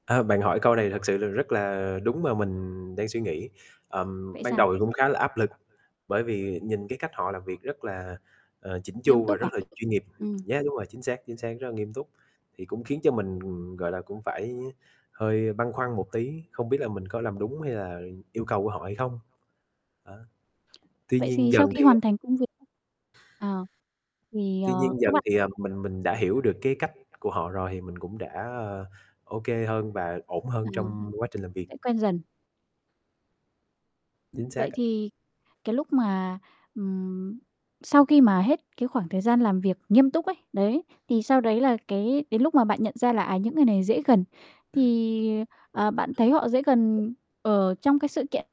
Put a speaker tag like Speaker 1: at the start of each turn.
Speaker 1: A, bạn hỏi câu này thật sự là rất là đúng, mà mình đang suy nghĩ, ờm,
Speaker 2: Vậy
Speaker 1: ban
Speaker 2: sao?
Speaker 1: đầu thì cũng khá là áp lực, bởi vì nhìn cái cách họ làm việc rất là, ờ, chỉn
Speaker 2: Nghiêm
Speaker 1: chu và
Speaker 2: túc
Speaker 1: rất
Speaker 2: à?
Speaker 1: là chuyên nghiệp
Speaker 2: Ừm.
Speaker 1: nhé. Đúng rồi, chính xác, chính xác, rất là nghiêm túc, thì cũng khiến cho mình, ừm, gọi là, cũng phải hơi băn khoăn một tí, không biết là mình có làm đúng hay là, ừ, yêu cầu của họ hay không? Đó. Tuy
Speaker 2: Vậy thì
Speaker 1: nhiên dần
Speaker 2: sau khi
Speaker 1: thì,
Speaker 2: hoàn
Speaker 1: ờ
Speaker 2: thành công việc à, thì,
Speaker 1: tuy
Speaker 2: ờ,
Speaker 1: nhiên
Speaker 2: các
Speaker 1: dần
Speaker 2: bạn
Speaker 1: thì, ờm, mình mình đã hiểu được cái cách của họ rồi, thì mình cũng đã, ơ, ô kê hơn và ổn hơn
Speaker 2: Ừm,
Speaker 1: trong quá trình làm việc.
Speaker 2: sẽ quen dần.
Speaker 1: Chính xác
Speaker 2: Vậy
Speaker 1: ạ.
Speaker 2: thì cái lúc mà, ừm, sau khi mà hết cái khoảng thời gian làm việc nghiêm túc ấy, đấy, thì sau đấy là cái đến lúc mà bạn nhận ra là, à, những người này dễ gần, thì, à, à, bạn thấy họ dễ gần ở trong cái sự kiện.